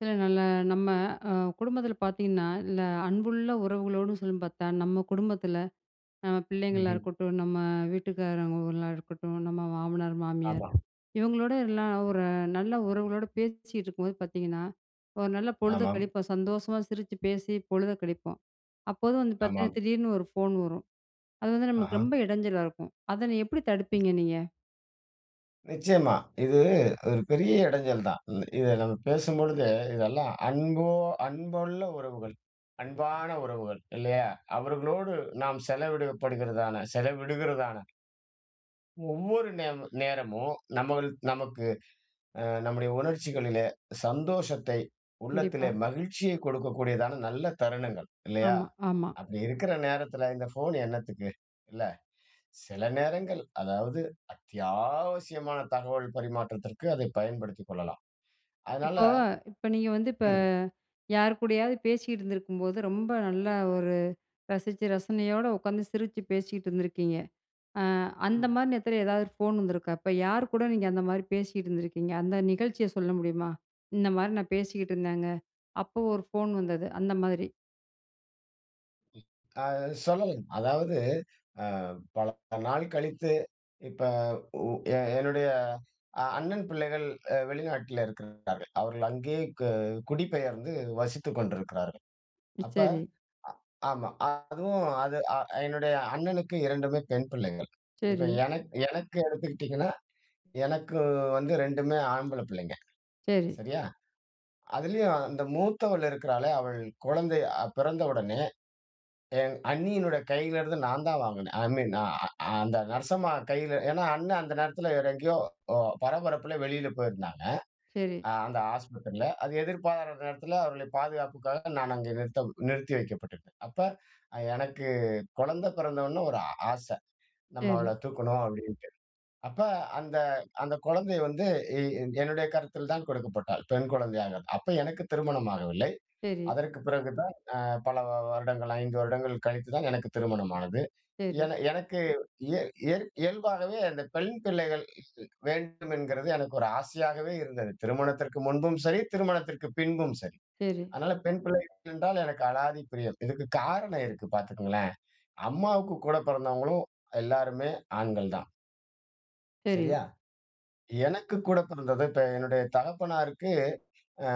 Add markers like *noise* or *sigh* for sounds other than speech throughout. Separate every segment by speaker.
Speaker 1: சில நாள்ல நம்ம, அ குடும்பத்தில பார்த்தீங்கன்னா, இந்த அன்புள்ள உறவுகளோடு சொல்லி பார்த்தா, நம்ம குடும்பத்தில, நம்ம
Speaker 2: ம்
Speaker 1: பிள்ளைங்களா
Speaker 2: ஹ்ம்.
Speaker 1: இருக்கட்டும், நம்ம வீட்டுக்காரவங்களா இருக்கட்டும், நம்ம மாமனார், மாமியார்,
Speaker 2: ஆமா.
Speaker 1: இவங்களோட எல்லாம் ஒரு நல்ல உறவுகளோடு பேசிகிட்டு இருக்கும்போது பார்த்தீங்கன்னா ஒரு நல்ல பொழுத
Speaker 2: ஆமாம்.
Speaker 1: கழிப்போம். சந்தோஷமா சிரிச்சு பேசி, பொழுத கழிப்போம். அப்போது வந்து
Speaker 2: ஆமாம்.
Speaker 1: பார்த்தீங்கன்னா, திடீர்னு ஒரு ஃபோன் வரும். அது வந்து நமக்கு
Speaker 2: ஆஹா.
Speaker 1: ரொம்ப இடஞ்சலா இருக்கும். அதை நீங்க எப்படி
Speaker 2: *unintelligible*
Speaker 1: தடுப்பீங்க நீங்க?
Speaker 2: நிச்சயமா. இது ஒரு பெரிய இடைஞ்சல் தான். இ இதை நம்ம பேசும்பொழுது, இதெல்லாம் அன்போ, அன்புள்ள உறவுகள். அன்பான உறவுகள். இல்லையா? அவர்களோடு நாம் செலவிடப்படுகிறதான, செலவிடுகிறதான ஒவ்வொரு நேமு நேரமும், நம்மள் நமக்கு அ நம்முடைய உணர்ச்சிகளிலே சந்தோஷத்தை, உள்ளத்திலே
Speaker 1: கண்டிப்பா.
Speaker 2: மகிழ்ச்சியை கொடுக்கக்கூடியதான நல்ல தருணங்கள், இல்லையா?
Speaker 1: ஆமா, ஆமா.
Speaker 2: அப்படி இருக்கிற நேரத்தில இந்த ஃபோன் என்னத்துக்கு? இல்ல. சில நேரங்கள் அதாவது அத்தியாவசியமான தகவல் பரிமாற்றத்திற்கு அதை பயன்படுத்திக் கொள்ளலாம். அதனால
Speaker 1: இப்போ இப்ப நீங்க வந்து இப்ப
Speaker 2: ம்.
Speaker 1: யார் கூடயாவது பேசிகிட்டிருந்திருக்கும்போது ரொம்ப நல்லா ஒரு ரசிச்சு, ரசனையோட உட்காந்து சிரிச்சு பேசிகிட்ருந்திருக்கீங்க. அ அந்த
Speaker 2: ம்.
Speaker 1: மாரி நேரத்துல, எதாவது ஒரு ஃபோன் வந்திருக்கா? அப்ப யார் கூட நீங்க அந்த மாரி பேசிட்டிருந்திருக்கீங்க? அந்த நிகழ்ச்சிய சொல்ல முடியுமா? "இந்த மாரி நான் பேசிக்கிட்ருந்தேங்க, அப்ப ஒரு ஃபோன் வந்தது." அந்த மாதிரி.
Speaker 2: ம். ஆ சொல்லலாம். அதாவது அ பல, பல நாள் கழித்து, இப்ப உ எ என்னுடைய அ அண்ணன் பிள்ளைகள் அ வெளிநாட்ல இருக்கிறார்கள். அவர்கள் அங்கே க குடிபெயர்ந்து வசித்துக் கொண்டிருக்கிறார்கள். அப்ப
Speaker 1: சரி.
Speaker 2: அ ஆமா. அதுவும் அது அ என்னுடைய அண்ணனுக்கு 2மே பெண் பிள்ளைகள். இப்ப
Speaker 1: சரி.
Speaker 2: எனக் எனக்கு எடுத்துக்கிட்டீங்கன்னா, எனக்கு வந்து 2மே ஆம்பள பிள்ளைங்க.
Speaker 1: சரி.
Speaker 2: சரியா? அதிலேயும் அந்த மூத்தவள் இருக்கிறாளே, அவள் குழந்தை அ பிறந்த உடனே, என் அண்ணியினுடைய கையிலேருந்து நான் தான் வாங்கினேன். "ஐ மீன் அ அ அந்த நர்சம்மா கையில ஏன்னா, அண்ணன் அந்த நேரத்தில வேற எங்கேயோ அ பரபரப்பில வெளியில போயிருந்தாங்க.
Speaker 1: சரி.
Speaker 2: அ அந்த ஆஸ்பத்திரில. அது எதிர்பாராத நேரத்தில அவர்களை பாதுகாப்புக்காக நான் அங்கே நிறுத்தம் நிறுத்தி வைக்கப்பட்டிருந்தேன். அப்ப அ எனக்கு குழந்தை பிறந்தவுன ஒரு ஆ ஆச. நம்ம அவள
Speaker 1: சரி.
Speaker 2: தூக்கணும், அப்பிடின்ட்டு. அப்ப அந்த அந்த குழந்தைய வந்து எ-என் என்னுடைய கரத்தில் தான் கொடுக்கப்பட்டாள். பெண் குழந்தையாக. அப்ப எனக்கு திருமணம் ஆகவில்லை.
Speaker 1: சரி.
Speaker 2: அதற்கு பிறகு தான் அ பல வ-வருடங்கள் 5 வருடங்கள் கழித்து தான் எனக்கு திருமணம் ஆனது.
Speaker 1: சரி.
Speaker 2: என எனக்கு இயல் இயல் இயல்பாகவே அந்த பெண் பிள்ளைகள் வேண்டும் என்கிறது எனக்கு ஒரு ஆசையாகவே இருந்தது. திருமணத்திற்க்கு முன்பும் சரி, திருமணத்திற்கு பின்பும் சரி.
Speaker 1: சரி.
Speaker 2: அதனால பெண் பிள்ளைகள் என்றால் எனக்கு அளாதி பிரியம். இதுக்கு காரணம் இருக்கு பாத்துக்கங்களேன்! அம்மாவுக்கு கூடப்பிறந்தவங்களும் எல்லோருமே ஆண்கள் தான்.
Speaker 1: சரி.
Speaker 2: சரியா? எனக்கு கூட பிறந்தது, இப்ப என்னுடைய தகப்பனாருக்கு அ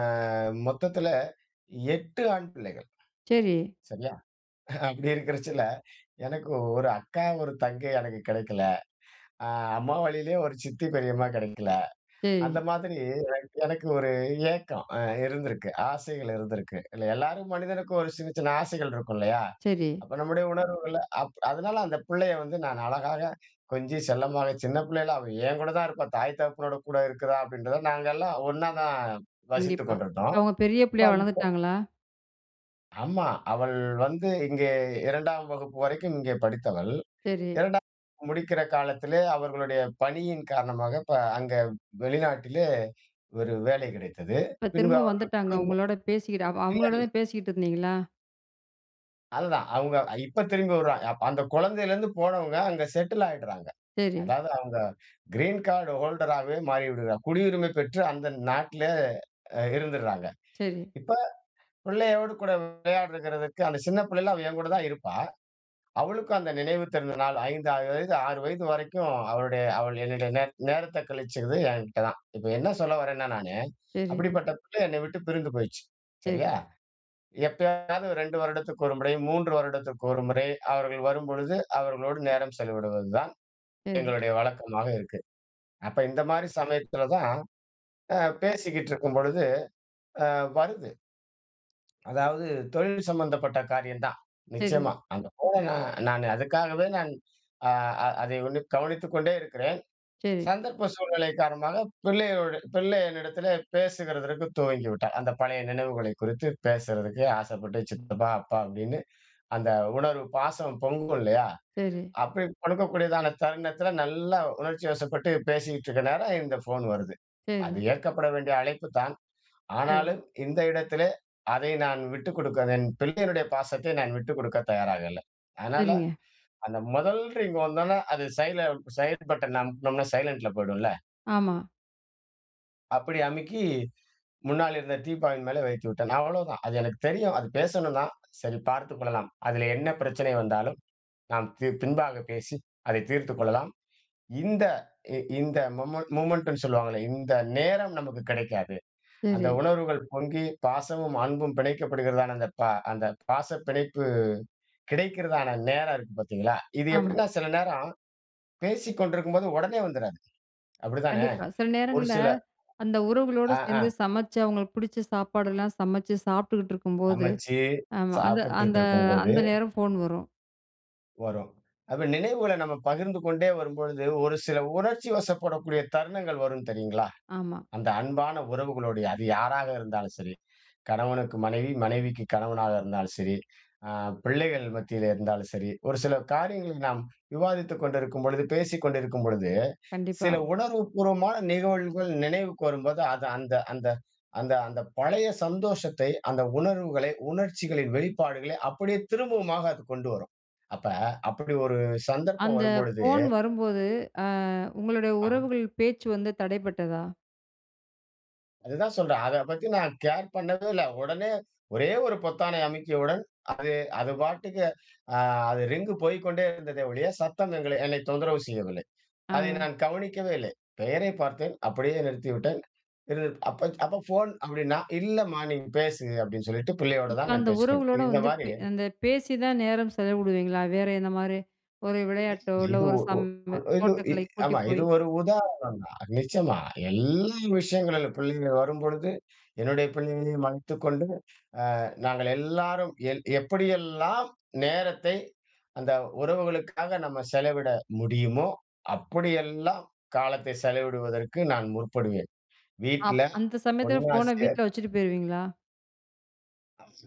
Speaker 2: மொத்தத்துல 8 ஆண் பிள்ளைகள்.
Speaker 1: சரி.
Speaker 2: சரியா? அப்படி இருக்குறதுல எனக்கு ஒரு அக்கா, ஒரு தங்கை எனக்கு கெடைக்கல. அ அம்மா வழியிலயும் ஒரு சித்தி, பெரியம்மா கெடைக்கல.
Speaker 1: சரி.
Speaker 2: அந்த மாதிரி எனக் எனக்கு ஒரு ஏக்கம் அ இருந்திருக்கு, ஆசைகள் இருந்திருக்கு. இல்ல எல்லாரும் மனிதனுக்கும் ஒரு சின்ன, சின்ன ஆசைகள் இருக்கும் இல்லயா?
Speaker 1: சரி.
Speaker 2: அப்ப நம்முடைய உணர்வுகள அப் அதனால அந்த பிள்ளைய வந்து நான் அழகாக கொஞ்சி செல்லமாவே, சின்ன பிள்ளைல அவ என் கூட தான் இருப்பா. தாய் தகப்பனோட கூட இருக்கிறா அப்பிடின்றத நாங்க எல்லாம் ஒண்ணாதான் வசித்து
Speaker 1: கண்டிப்பா. இப்ப
Speaker 2: கொண்டிருந்தோம்.
Speaker 1: அவுங்க பெரிய பிள்ளையா
Speaker 2: *unintelligible*
Speaker 1: வளர்ந்துட்டாங்களா?
Speaker 2: ஆமா. அவள் வந்து இங்கே 2 ஆம் வகுப்பு வரைக்கும் இங்கே படித்தவள்.
Speaker 1: சரி.
Speaker 2: 2 ஆம் வகுப்பு முடிக்கிற காலத்திலே அவர்களுடைய பணியின் காரணமாக இப்ப அங்க வெளிநாட்டிலே ஒரு வேலை கிடைத்தது.
Speaker 1: இப்ப
Speaker 2: பின்பு
Speaker 1: திரும்ப
Speaker 2: அவர்கள்
Speaker 1: வந்துட்டாங்க,
Speaker 2: குடும்பம்.
Speaker 1: உங்களோட பேசிக்கிட்டு அவ
Speaker 2: இல்ல, இல்ல.
Speaker 1: அவங்களோடதான் பேசிக்கிட்டு இருந்தீங்களா?
Speaker 2: அதுதான். அவுங்க அ இப்ப திரும்பி வருவாங்க. அப்ப அந்த குழந்தையிலேருந்து போனவங்க, அங்க செட்டில் ஆயிடுறாங்க.
Speaker 1: சரி.
Speaker 2: அதாவது அவுங்க கிரீன் கார்டு ஹோல்டர் ஆகவே மாறிவிடுகிறார்கள் குடியுரிமை பெற்று அந்த நாட்ல அ இருந்துறாங்க.
Speaker 1: சரி.
Speaker 2: இப்ப பிள்ளையோடு கூட விளையாடுகிறதுக்கு, அந்த சின்ன பிள்ளையில அவ என் கூட தான் இருப்பா. அவளுக்கும் அந்த நினைவு தெரிந்த நாள் 5 அ வயது 6 வயது வரைக்கும் அவளுடைய அவள் என்னுடைய நேர் நேரத்த கழிச்சது என்கிட்ட தான். இப்ப என்ன சொல்ல வரேன்னா நானு,
Speaker 1: சரி.
Speaker 2: அப்பிடிப்பட்ட பிள்ளை என்னை விட்டு பிரிந்து போயிருச்சு.
Speaker 1: சரி.
Speaker 2: சரியா? எப்பையாவது 2 வருடத்திற்கு ஒரு முறை, 3 வருடத்திற்கு ஒரு முறை அவர்கள் வரும்பொழுது, அவர்களோடு நேரம் செலவிடுவது தான்
Speaker 1: சரி.
Speaker 2: எங்களுடைய வழக்கமாக இருக்கு. அப்ப இந்தமாரி சமயத்தில தான் அ பேசிக்கிட்டு இருக்கும்பொழுது, அ வருது. அதாவது தொழில் சம்மந்தப்பட்ட காரியம் தான்,
Speaker 1: சரி
Speaker 2: நிச்சயமா. அது
Speaker 1: ம்.
Speaker 2: போக நான் நான் அதுக்காகவே நான் அ அ அதை உன்னிப் கவனித்துக் கொண்டே இருக்கிறேன்.
Speaker 1: சரி.
Speaker 2: சந்தர்ப்ப சூழ்நிலை காரணமாக பிள்ளையோட பிள்ளை என்னிடத்திலே பேசுகிறதற்கு துவங்கிவிட்டா. அந்த பழைய நினைவுகளை குறித்து பேசுறதுக்கு ஆசைப்பட்டு, 'சித்தப்பா! அப்பா!' அப்பிடின்னு, அந்த உணர்வு, பாசம் பொங்கும் இல்லயா?
Speaker 1: சரி.
Speaker 2: அப்பிடி கொடுக்கக்கூடியதான தருணத்தில நல்லா உணர்ச்சிவசப்பட்டு பேசிக்கிட்டு இருக்க நேரம், இந்த ஃபோனு வருது. அது
Speaker 1: சரி.
Speaker 2: ஏற்கப்பட வேண்டிய அழைப்பு தான்.
Speaker 1: சரி.
Speaker 2: ஆனாலும், இந்த இடத்திலே அதை நான் விட்டு கொடுக்க வேண் என் பிள்ளையினுடைய பாசத்தை நான் விட்டு கொடுக்க தயாராக இல்ல. அதனால
Speaker 1: சரிங்க.
Speaker 2: அந்த முதல் ரிங் வந்தோன, அது சைல சைடு பட்டன அமுக்குனோம்ன்னா, சைலன்ட்ல போயிடும்ல.
Speaker 1: ஆமா.
Speaker 2: அப்பிடி அமுக்கி முன்னால இருந்த டீப்பாயின் மேலே வைத்து விட்டேன். அவ்வளவுதான். அது எனக்கு தெரியும். அது பேசணும்தான், சரி பார்த்துக் கொள்ளலாம். அதிலே என்ன பிரச்சனை வந்தாலும், நாம் தீர் பின்பாக பேசி, அதை தீர்த்துக் கொள்ளலாம். இந்த இ இந்த மொமென் மொமென்டுன்னு சொல்லுவாங்கள்ல. இந்த நேரம் நமக்கு கிடைக்காது. அந்த
Speaker 1: சரி.
Speaker 2: உணர்வுகள் பொங்கி பாசமும், அன்பும் பிணைக்கப்படுகிறதான, அந்த பா அந்த பாச பிணைப்பு கிடைக்கிறதான நேரம் இருக்கு பார்த்தீங்களா! இது
Speaker 1: ஆமா.
Speaker 2: எப்பிடின்னா, சில நேரம் பேசிக்கொண்டிருக்கும்போது உடனே வந்துறாது. அப்படித்தானே?
Speaker 1: கண்டிப்பா. சில
Speaker 2: ஒரு
Speaker 1: நேரங்கள்ல
Speaker 2: சில
Speaker 1: அந்த உறவுகளோடு
Speaker 2: ஆ, ஆ.
Speaker 1: சேர்ந்து சமைச்சு அவுங்களுக்கு பிடிச்ச சாப்பாடெல்லாம் சமைச்சு சாப்பிட்டுகிட்டிருக்கும்போது
Speaker 2: சமைச்சு
Speaker 1: ஆமா. அது அந்த
Speaker 2: சாப்பிட்டுட்டிருக்கும்போது
Speaker 1: அந்த நேரம் ஃபோன் வரும்.
Speaker 2: வரும். அப்ப நினைவுகள நம்ம பகிர்ந்து கொண்டே வரும்பொழுது, ஒரு சில உணர்ச்சிவசப்படக்கூடிய தருணங்கள் வரும் தெரியுங்களா?
Speaker 1: ஆமா.
Speaker 2: அந்த அன்பான உறவுகளோடு அது யாராக இருந்தாலும் சரி. கணவனுக்கு மனைவி, மனைவிக்கு கணவனாக இருந்தாலும் சரி, அ பிள்ளைகள் மத்தியிலே இருந்தாலும் சரி, ஒரு சில காரியங்களை நாம் விவாதித்துக் கொண்டிருக்கும்பொழுது பேசிக்கொண்டிருக்கும் பொழுது
Speaker 1: கண்டிப்பா.
Speaker 2: சில உணர்வு பூர்வமான நிகழ்வுகள் நினைவுக்கு வரும்போது, அது அந்த அந்த அந்த அந்த பழைய சந்தோஷத்தை, அந்த உணர்வுகளை, உணர்ச்சிகளின் வெளிப்பாடுகளை அப்பிடியே திரும்பவுமாக அது கொண்டு வரும். அப்ப அப்பிடி ஒரு சந்தர்ப்பம்
Speaker 1: அந்த
Speaker 2: வரும்பொழுது
Speaker 1: ஃபோன் வரும்போது, அ உங்களுடைய
Speaker 2: ஆஹ்.
Speaker 1: உறவுகள் பேச்சு வந்து தடைபட்டதா?
Speaker 2: அதுதான் சொல்றேன், அத பத்தி நான் கேர் பண்ணவே இல்ல. உடனே ஒரே ஒரு பொத்தானை அமுக்கியவுடன் அது, அது பாட்டுக்கு அ அது ரிங்கு போய்க்கொண்டே இருந்ததே ஒழிய, சத்தம் எங்களை என்னை தொந்தரவு செய்யவில்லை. அதை
Speaker 1: அ.
Speaker 2: நான் கவனிக்கவே இல்லை. பெயரைப் பார்த்தேன். அப்பிடியே நிறுத்திவிட்டேன். சிறிது அப்ப அப்பா ஃபோன் அப்பிடின்னா, இல்லம்மா நீங்க பேசுங்க அப்பிடின்னு சொல்லிட்டு, பிள்ளையோட
Speaker 1: இப்ப
Speaker 2: தான் நான்
Speaker 1: அந்த
Speaker 2: பேசிக்கொண்டேன்.
Speaker 1: உறவுகளோட வந்து
Speaker 2: இந்தமாரி.
Speaker 1: இப் அந்த பேசி தான் நேரம் செலவிடுவீங்களா? வேற என்னமாரி ஒரு விளையாட்டோ, இல்ல
Speaker 2: இது, ஓ
Speaker 1: ஒரு சம்
Speaker 2: ஓ ஓ இது இ
Speaker 1: தோட்டக்கலை கூட்டி
Speaker 2: ஆமா இது
Speaker 1: போய்
Speaker 2: ஒரு உதாரணம் தான். நிச்சயமா எல் விஷயங்களில் பிள்ளைகள் வரும்பொழுது, என்னுடைய பிள்ளைகளையும் மறைத்துக் கொண்டு, அ நாங்க எல்லாரும் எல் எப்படியெல்லாம் நேரத்தை அந்த உறவுகளுக்காக நம்ம செலவிட முடியுமோ, அப்படியெல்லாம் காலத்தை செலவிடுவதற்கு நான் முற்படுவேன்.
Speaker 1: அப்
Speaker 2: வீட்ல
Speaker 1: அந்த சமயத்துல
Speaker 2: ஒண்ணா
Speaker 1: ஃபோன
Speaker 2: சேர்
Speaker 1: வீட்ல வச்சுட்டு போயிருவீங்களா?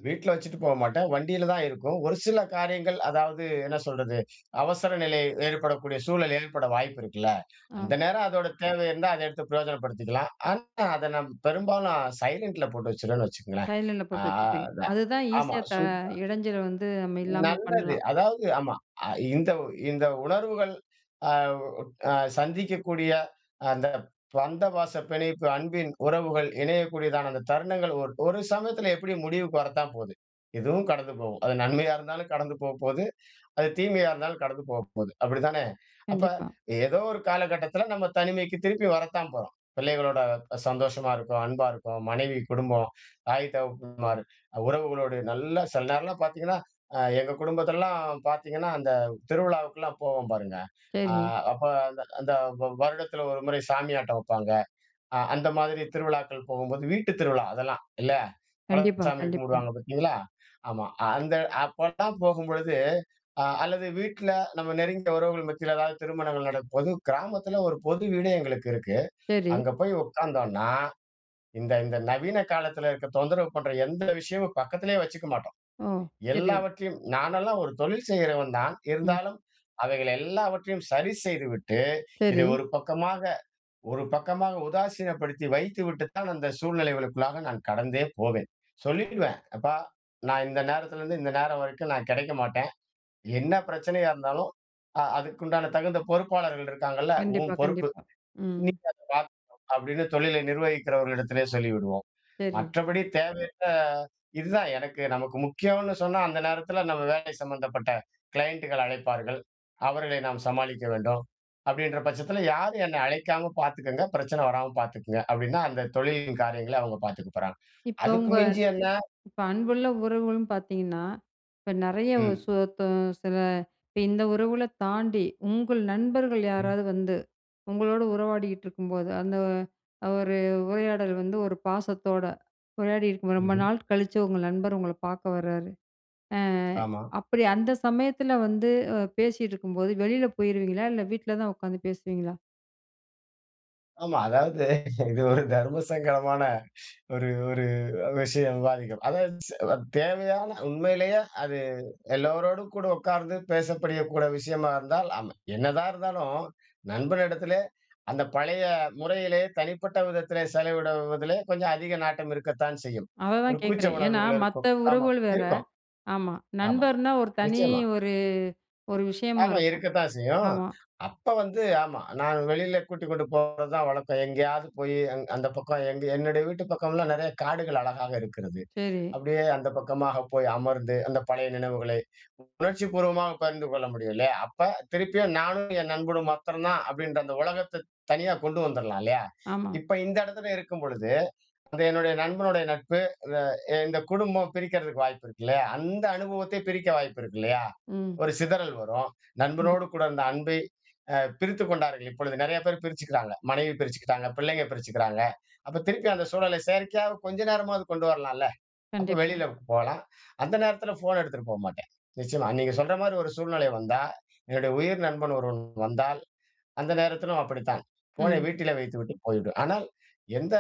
Speaker 2: வீட்டுல வச்சுட்டு போ மாட்டேன். வண்டியில தான் இருக்கும். ஒரு சில காரியங்கள், அதாவது என்ன சொல்றது, அவசர நிலை ஏற்படக்கூடிய சூழல் ஏற்பட வாய்ப்பு இருக்குல்ல.
Speaker 1: ஆ.
Speaker 2: அந்த நேரம் அதோட தேவை இருந்தா, அதை எடுத்து பிரயோஜனப்படுத்திக்கலாம். ஆனா, அத நாம் பெரும்பாலும் சைலன்ட்ல போட்டு வச்சுருவேன்னு வச்சுக்கோங்களேன்.
Speaker 1: சைலண்ட்ல
Speaker 2: அ
Speaker 1: போட்டு வச்சிருப்பீங்க.
Speaker 2: அதான்
Speaker 1: அதுதான்
Speaker 2: ஆமா
Speaker 1: ஈஸியா த
Speaker 2: சு
Speaker 1: இடைஞ்சல வந்து நம்ம இல்லாம
Speaker 2: நல்லது.
Speaker 1: பண்ணலாம்.
Speaker 2: அதாவது ஆமா, அ இந்த இந்த உணர்வுகள் அவ் அ சந்திக்கக்கூடிய அந்த பந்த பாச பிணைப்பு அன்பின் உறவுகள் இணையக்கூடியதான அந்த தருணங்கள் ஒரு ஒரு சமயத்தில எப்பிடியும் முடிவுக்கு வரத்தான் போது. இதுவும் கடந்து போகும். அது நன்மையா இருந்தாலும் கடந்து போப்போது. அது தீமையா இருந்தாலும் கடந்து போப்போது. அப்பிடி தானே! அப்ப
Speaker 1: கண்டிப்பா.
Speaker 2: ஏதோ ஒரு காலகட்டத்தில நம்ம தனிமைக்கு திருப்பி வரத்தான் போறோம். பிள்ளைகளோட சந்தோஷமா இருக்கோம். அன்பா இருக்கோம். மனைவி, குடும்பம், தாய், தகப்பன்மார் உறவுகளோடு நல்ல சில நேரம்லாம் பார்த்தீங்கன்னா, அ எங்கள் குடும்பத்தெல்லாம் பார்த்தீங்கன்னா, அந்த திருவிழாவுக்கெல்லாம் போவோம் பாருங்க. அ
Speaker 1: சரி.
Speaker 2: அப்ப அந்த அந்த வ வருடத்தில ஒரு முறை சாமி ஆட்டம் வப்பாங்க. அ அந்த மாதிரி திருவிழாக்கள் போகும்போது, வீட்டுத் திருவிழா அதெல்லாம். இல்ல.
Speaker 1: கண்டிப்பா,
Speaker 2: குலசாமி
Speaker 1: கண்டிப்பா.
Speaker 2: கும்பிடுவாங்க பார்த்தீங்களா! ஆமா. அந்த அப்பல்லாம் போகும்பொழுது, அ அல்லது வீட்ல நம்ம நெருங்கிய உறவுகள் மத்தியில எதாவது திருமணங்கள் நடக்கும்போது, கிராமத்தில ஒரு பொது வீடு எங்களுக்கு இருக்கு.
Speaker 1: சரி.
Speaker 2: அங்க போய் உட்காந்தோன்னா, இந்த இந்த நவீன காலத்தில இருக்கிற தொந்தரவு பண்ற எந்த விஷயமும் பக்கத்திலே வச்சுக்க மாட்டோம்.
Speaker 1: ஓ! சரி.
Speaker 2: எல்லாவற்றையும் நானெல்லாம் ஒரு தொழில் செய்றவன் தான்.
Speaker 1: ம்.
Speaker 2: இருந்தாலும் அவைகள் எல்லாவற்றையும் சரி செய்துவிட்டு, இதை
Speaker 1: சரி.
Speaker 2: ஒரு பக்கமாக ஒரு பக்கமாக உதாசீனப்படுத்தி வைத்துவிட்டு தான், அந்த சூழ்நிலைகளுக்குள்ளாக நான் கடந்தே போவேன். சொல்லிடுவேன். அப்பா! நான் இந்த நேரத்துலேருந்து இந்த நேரம் வரைக்கும் நான் கிடைக்க மாட்டேன். என்ன பிரச்சனையா இருந்தாலும், அ அதுக்குண்டான தகுந்த பொறுப்பாளர்கள் இருக்காங்கல்ல, உன்
Speaker 1: கண்டிப்பா, கண்டிப்பா.
Speaker 2: பொறுப்பு.
Speaker 1: ம்.
Speaker 2: இன்னைக்கி அத பார்த்துக்கணும் அப்பிடின்னு தொழிலை நிர்வகிக்கிறவர்கள் இடத்திலே சொல்லிவிடுவோம்.
Speaker 1: சரி.
Speaker 2: மற்றபடி தேவையற்ற இதுதான் எனக்கு நமக்கு முக்கியோன்னு சொன்னா, அந்த நேரத்தில நம்ம வேலை சம்மந்தப்பட்ட க்ளையண்டுகள் அழைப்பார்கள். அவர்களை நாம் சமாளிக்க வேண்டும். அப்பிடின்ற பட்சத்தில யாரும் என்னை அழைக்காம பார்த்துக்கங்க. பிரச்சனை வராம பார்த்துக்கங்க அப்பிடின்னா, அந்த தொழிலின் காரியங்களை அவுங்க பார்த்துக்க போறாங்க.
Speaker 1: இப்போ
Speaker 2: அதுக்கு
Speaker 1: உங்க
Speaker 2: மிஞ்சி என்ன?
Speaker 1: இப்ப அன்புள்ள உறவுகளும் பார்த்தீங்கன்னா, இப்ப நிறைய ஒரு
Speaker 2: ம்.
Speaker 1: சோத்தோம் சில இப்ப இந்த உறவுகள தாண்டி, உங்கள் நண்பர்கள்
Speaker 2: ம்.
Speaker 1: யாராவது வந்து உங்களோட உறவாடிக்கிட்டு இருக்கும்போது, அந்த ஒரு உரையாடல் வந்து ஒரு பாசத்தோட உரையாடியிருக்கும். ரொம்ப
Speaker 2: ம்ஹ்ம்.
Speaker 1: நாள் கழிச்சு உங்கள் நண்பர் உங்கள பார்க்க வராரு. அ
Speaker 2: ஆமா.
Speaker 1: அப்பிடி அந்த சமயத்தில வந்து அ பேசிகிட்டுருக்கும்போது, வெளில போயிருவீங்களா! இல்ல வீட்ல தான் உக்காந்து பேசுவீங்களா.
Speaker 2: ஆமா அதாவது இது ஒரு தர்மசங்கடமான ஒரு ஒரு விஷயம் விவாதிக்கும். அதாவது ஸ் தேவையான உண்மையிலேயே அது எல்லோரோடும் கூட உட்கார்ந்து பேசக்கூடிய விஷயமாக இருந்தால், ஆமா என்னதான் இருந்தாலும், நண்பன் இடத்திலே அந்த பழைய முறையிலே தனிப்பட்ட விதத்திலே செலவிடுவதிலே கொஞ்சம் அதிக நாட்டம் இருக்கத்தான் செய்யும்.
Speaker 1: அத
Speaker 2: ஒரு
Speaker 1: தான்
Speaker 2: கூச்ச
Speaker 1: கேக்குறேன், ஏன்னா
Speaker 2: உணர்வுகள்
Speaker 1: மத்த
Speaker 2: இருக்கும். ஆமாம்
Speaker 1: உறவுகள் வேற.
Speaker 2: இருக்கும்,
Speaker 1: ஆமா.
Speaker 2: ஆமா
Speaker 1: நண்பர்னா ஒரு தனி
Speaker 2: நிச்சயமா.
Speaker 1: ஒரு ஒரு விஷயமா
Speaker 2: ஆமா
Speaker 1: இருக்கும்.
Speaker 2: இருக்கத்தான் செய்யும்.
Speaker 1: ஆமா.
Speaker 2: அப்ப வந்து, ஆமா. நான் வெளியில கூட்டிக்கொண்டு போவது தான் வழக்கம். எங்கேயாவது போய் அந்த பக்கம், எங்க என்னுடைய வீட்டு பக்கம்லாம் நெறைய காடுகள் அழகாக இருக்கிறது
Speaker 1: சரி.
Speaker 2: அப்படியே அந்த பக்கமாக போய் அமர்ந்து அந்த பழைய நினைவுகளை உணர்ச்சிபூர்வமாக பகிர்ந்து கொள்ள முடியும் இல்லயா? அப்ப திருப்பியும் நானும் என் நண்பனும் மாத்திரம் தான் அப்படின்ற அந்த உலகத்தை தனியா கொண்டு வந்துறலாம் இல்லையா?
Speaker 1: ஆமா.
Speaker 2: இப்ப இந்த இடத்துல இருக்கும்பொழுது அந்த என்னுடைய நண்பனுடைய நட்பு, இந்த குடும்பம் பிரிக்கிறதுக்கு வாய்ப்பு இருக்கு இல்லையா. அந்த அனுபவத்தை பிரிக்க வாய்ப்பு இருக்கு இல்லையா.
Speaker 1: ம்.
Speaker 2: ஒரு சிதறல் வரும்.
Speaker 1: கண்டிப்
Speaker 2: நண்பனோடு கூட இருந்த அன்பை அ பிரித்துக் கொண்டார்கள் இப்பொழுது. நெறையா பேரு பிரிச்சுக்கிறாங்க. மனைவி பிரிச்சுக்கிட்டாங்க, பிள்ளைங்க பிரிச்சுக்கிறாங்க. அப்போ திருப்பி அந்த சூழலை செயற்கையாக கொஞ்ச நேரமாவது கொண்டு வரலாம்ல? அப்போ
Speaker 1: கண்டிப்பா.
Speaker 2: வெளியில போலாம். அந்த நேரத்தில ஃபோன எடுத்துட்டு போமாட்டேன் நிச்சயமா. நீங்க சொல்ற மாரி ஒரு சூழ்நிலை வந்தா, என்னுடைய உயிர் நண்பன் ஒருவன் வந்தால், அந்த நேரத்திலும் அப்படித்தான் ஃபோனை
Speaker 1: ம்.
Speaker 2: வீட்டிலே வைத்துவிட்டு போய்விடுவேன். ஆனால் எந்த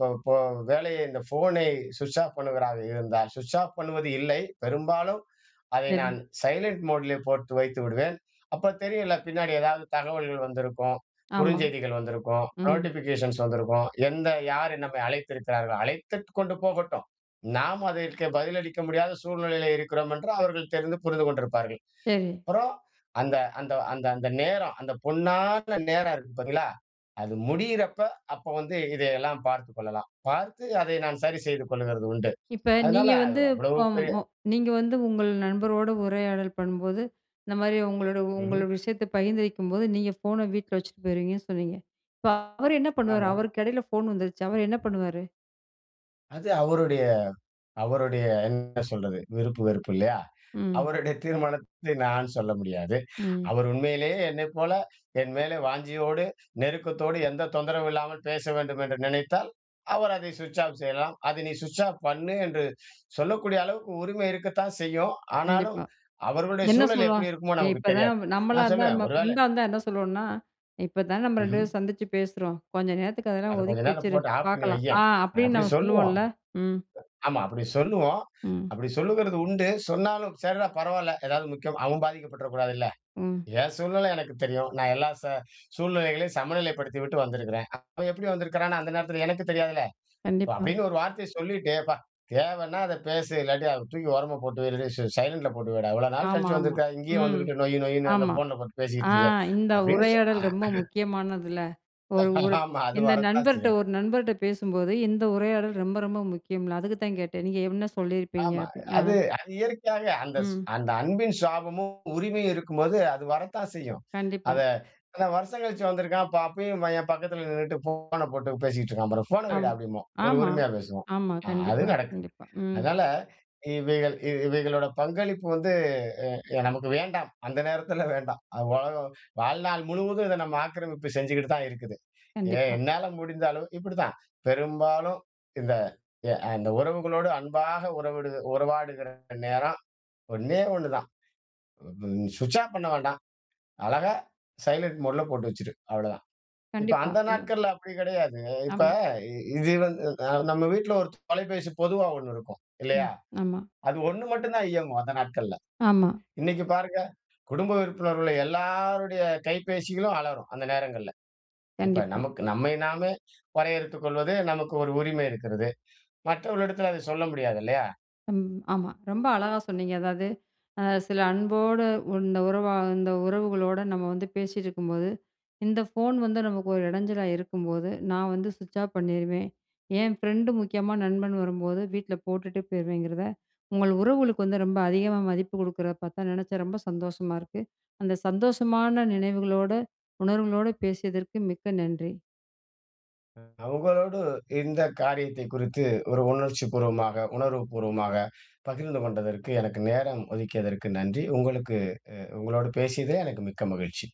Speaker 2: ப் போ வேலையை இந்த ஃபோனை ஸ்விட்ச் ஆஃப் பண்ணுவதாக இருந்தால், ஸ்விட்ச் ஆஃப் பண்ணுவது இல்லை. பெரும்பாலும் அதை
Speaker 1: சரி.
Speaker 2: நான் சைலன்ட் மோடுல போட்டு வைத்து விடுவேன். அப்ப தெரியும்ல பின்னாடி ஏதாவது தகவல்கள் வந்திருக்கும்,
Speaker 1: ஆமா.
Speaker 2: குறுஞ்செய்திகள் வந்திருக்கும்,
Speaker 1: ம்.
Speaker 2: நோட்டிஃபிகேஷன்ஸ் வந்திருக்கும். எந்த யார் நம்மை அழைத்திருக்கிறார்கள், அழைத்து கொண்டு போகட்டும். நாம அதற்கு பதிலளிக்க முடியாத சூழ்நிலையிலே இருக்கிறோம் என்று அவர்கள் தெரிந்து புரிந்து கொண்டிருப்பார்கள்.
Speaker 1: சரி.
Speaker 2: அப்புறம் அந்த நேரம் அந்த பொன்னான நேரம் இருக்கு பார்த்தீங்களா? அது முடியிறப்ப அப்ப வந்து இதையெல்லாம் பார்த்துக் கொள்ளலாம். பார்த்து அதை நான் சரி செய்து கொள்கிறது உண்டு.
Speaker 1: இப்ப
Speaker 2: அதனால
Speaker 1: நீங்க
Speaker 2: அது
Speaker 1: வந்து,
Speaker 2: அவ்வளவு
Speaker 1: இப்போ
Speaker 2: பெரிய
Speaker 1: ம் நீங்க வந்து உங்கள் நண்பரோடு உரையாடல் பண்ணும்போது, இந்த மாரி உங்களோட
Speaker 2: ம்ஹ்ம்.
Speaker 1: உங்கள் விஷயத்தை பகிர்ந்துரிக்கும்போது நீங்க ஃபோனை வீட்ல வச்சுட்டு போயிருவீங்கன்னு சொன்னீங்க. இப்ப அவர் என்ன பண்ணுவாரு?
Speaker 2: ஆமாம்.
Speaker 1: அவருக்கு இடையில ஃபோன் வந்துருச்சு. அவரு என்ன பண்ணுவாரு?
Speaker 2: அது அவருடைய, அவருடைய என்ன சொல்றது? விருப்பு, வெறுப்பு இல்லையா?
Speaker 1: ம்.
Speaker 2: அவருடைய தீர்மானத்தை நான் சொல்ல முடியாது.
Speaker 1: ம்.
Speaker 2: அவர் உண்மையிலேயே என்னைப்போல என்மேல வாஞ்சையோடு, நெருக்கத்தோடு, எந்த தொந்தரவும் இல்லாமல் பேச வேண்டும் என்று நினைத்தால், அவர் அதை சுவிட்ச் ஆஃப் செய்யலாம். அதை நீ சுவிட்ச் ஆஃப் பண்ணு என்று சொல்லக்கூடிய அளவுக்கு உரிமை இருக்கத்தான் செய்யும். ஆனாலும்,
Speaker 1: கண்டிப்பா.
Speaker 2: அவர்களுடைய
Speaker 1: என்ன
Speaker 2: சூழல்
Speaker 1: சொல்லுவா?
Speaker 2: எப்டி இருக்குமோ!
Speaker 1: "ஏ
Speaker 2: நமக்கு
Speaker 1: இப்பதா
Speaker 2: தெரியாது.
Speaker 1: ம் நம்மளா
Speaker 2: நான்
Speaker 1: இருந்தா,
Speaker 2: சொல்லுவேன்
Speaker 1: நம்ம
Speaker 2: ஒருவேள
Speaker 1: ஃப்ரெண்டா இருந்தா என்ன சொல்லுவோம்னா, இப்பதான் நம்ம ரெண்டு
Speaker 2: ம்ஹ்ம்.
Speaker 1: பேரும் சந்திச்சு பேசுறோம். கொஞ்ச நேரத்துக்கு அதெல்லாம்
Speaker 2: அத கொஞ்ச
Speaker 1: ஒதுக்கி
Speaker 2: நேரம்
Speaker 1: வச்சுரு.
Speaker 2: போட்டு ஆஃப் பண்ணி
Speaker 1: பாக்கலாம்,"
Speaker 2: வையேன்.
Speaker 1: ஆ அப்டின்னு
Speaker 2: அப்டி
Speaker 1: நம்ம
Speaker 2: சொல்லுவோம்.
Speaker 1: சொல்லுவோம்ல? ம்.
Speaker 2: ஆமா, அப்டி சொல்லுவோம்,
Speaker 1: ம்.
Speaker 2: அப்டி சொல்லுகிறது உண்டு. சொன்னாலும், சர்ரா பரவால்ல, ஏதாவது முக்கியம் அவன் பாதிக்கப்பட்டறக் கூடாதுல்ல?
Speaker 1: ம்.
Speaker 2: ஏன் சூழ்நில எனக்கு தெரியும், நான் எல்லா ச சூழ்நிலைகளையும் சமநிலைப்படுத்திவிட்டு வந்துருக்கேன். அவன் எப்டி வந்துருக்கான்னோ அந்த நேரத்துல எனக்கு தெரியாதுல? இப்
Speaker 1: கண்டிப்பா.
Speaker 2: அப்டின்னு ஒரு வார்த்தைய சொல்லிட்டு, "அப்பா! தேவனா அத பேசு, இல்லாட்டி அத தூக்கி ஓரமா போட்டு வை. இல்லாட்டி ஸ் சை சைலண்ட்ல போட்டு வைடா. இவ்வளோ நாள்
Speaker 1: ஆமா,
Speaker 2: கழிச்சு
Speaker 1: ஆமா.
Speaker 2: வந்துருக்க, இங்கேயும்
Speaker 1: ம்.
Speaker 2: வந்துக்கிட்டு நொய் நொய்னு அந்த
Speaker 1: ஆமா.
Speaker 2: போன்ல போட்டு
Speaker 1: ஆ
Speaker 2: பேசிட்டு இருக்க"
Speaker 1: இந்த
Speaker 2: அப்டின்னு சொல்
Speaker 1: உரையாடல்
Speaker 2: அ
Speaker 1: ரொம்ப
Speaker 2: அ.
Speaker 1: முக்கியமானதுல. ஒரு, ஒரு,
Speaker 2: ஆமா. அது
Speaker 1: இந்த
Speaker 2: வரத்தான்
Speaker 1: நண்பர்ட்ட
Speaker 2: செய்யும்.
Speaker 1: ஒரு நண்பர்ட்ட பேசும்போது, இந்த உரையாடல் ரொம்ப ரொம்ப முக்கியம்ல. அதுக்குத்தான் கேட்டேன், நீங்க என்ன சொல்லிருப்பீங்க?
Speaker 2: ஆமா.
Speaker 1: அப்டின்னு அ.
Speaker 2: அது, அது இயற்கையாவே அந்த ஸ்
Speaker 1: ம்.
Speaker 2: அந்த அன்பின் சாபமும், உரிமையும் இருக்கும்போது அது வரத்தான் செய்யும். அத
Speaker 1: கண்டிப்பா.
Speaker 2: இத்தன வருஷம் கழிச்சு வந்துருக்கான், ப அப்பயும் என் பக்கத்துல நின்னுட்டு, போன போட்டு பேசிட்டு இருக்கான் பாரு! ஃபோன வைடா,
Speaker 1: ஆமா.
Speaker 2: அப்படிம்போம். ஒரு
Speaker 1: ஆமா.
Speaker 2: உரிமையா பேசுவோம்.
Speaker 1: ஆமா
Speaker 2: ஆ, அது
Speaker 1: கண்டிப்பா,
Speaker 2: நடக்கும்.
Speaker 1: கண்டிப்பா. ம்.
Speaker 2: அதனால இவைகள் இவைகளோட பங்களிப்பு வந்து எ எ நமக்கு வேண்டாம். அந்த நேரத்துல வேண்டாம். அ உலகம் வாழ்நாள் முழுவதும் இத நம்ம ஆக்கிரமிப்பு செஞ்சுகிட்டுதான் இருக்குது. எ
Speaker 1: கண்டிப்பா.
Speaker 2: என்னால முடிந்த அளவு இப்டித்தான், பெரும்பாலும் இந்த அ இந்த உறவுகளோடு அன்பாக உறவுடு உறவாடுகிற நேரம் ஒண்ணே ஒண்னுதான். *unintelligible* சுவிட்ச் ஆஃப் பண்ண வேண்டாம். அழகா சைலண்ட் மோட்ல போட்டு வச்சுரு, அவ்வளவுதான். இப்ப
Speaker 1: கண்டிப்பா.
Speaker 2: அந்த நாட்கள்ல அப்டி கெடையாது. இப்ப
Speaker 1: ஆமா.
Speaker 2: இ இது வந்து அ நம்ம வீட்ல ஒரு தொலைபேசி பொதுவா ஒண்ணு இருக்கும், இல்லையா?
Speaker 1: ம், ஆமா.
Speaker 2: அது ஒண்ணு மட்டும்தான் இயங்கும் அந்த நாட்கள்ல.
Speaker 1: ஆமா.
Speaker 2: இன்னைக்கு பாருங்க, குடும்ப உறுப்பினர்கள எல்லோருடைய கைப்பேசிகளும் அலறும் அந்த நேரங்கள்ல. இப்ப
Speaker 1: கண்டிப்பா.
Speaker 2: நமக்கு, நம்மை நாமே வரையறுத்து கொள்வது நமக்கு ஒரு உரிமை இருக்கிறது. மற்றவர்களிடத்தில அத சொல்ல முடியாதில்லையா?
Speaker 1: அம் ஆமா ரொம்ப அழகா சொன்னீங்க அதாவது, அ சில அன்போட இந்த உறவா இந்த உறவுகளோட நம்ம வந்து பேசிட்டு இருக்கும்போது, இந்த போன் வந்து நமக்கு ஒரு எடஞ்சலா இருக்கும்போது, நா வந்து சுவிட்ச் ஆஃப் பண்ணீருவேன். என் ஃப்ரெண்ட் முக்கியமா நண்பன் வரும்போது, வீட்ல போட்டுட்டு போயிருவேங்கறத, உங்கள் உறவுகளுக்கு வந்து ரொம்ப அதிகமா மதிப்பு குடுக்கறத பாத்தா, நெனச்சா ரொம்ப சந்தோஷமா இருக்கு. அந்த சந்தோஷமான நினைவுகளோட, உணர்வுகளோட பேசியதற்கு மிக்க நன்றி.
Speaker 2: உங்களோடு இந்த காரியத்தை குறித்து ஒரு உணர்ச்சிப்பூர்வமாக, உணர்வுப்பூர்வமாக பகிர்ந்துகொண்டதற்கு, எனக்கு நேரம் ஒதுக்கியதற்கு நன்றி! உங்களுக்கு அ உங்களோடு பேசியதிலே எனக்கு மிக்க மகிழ்ச்சி.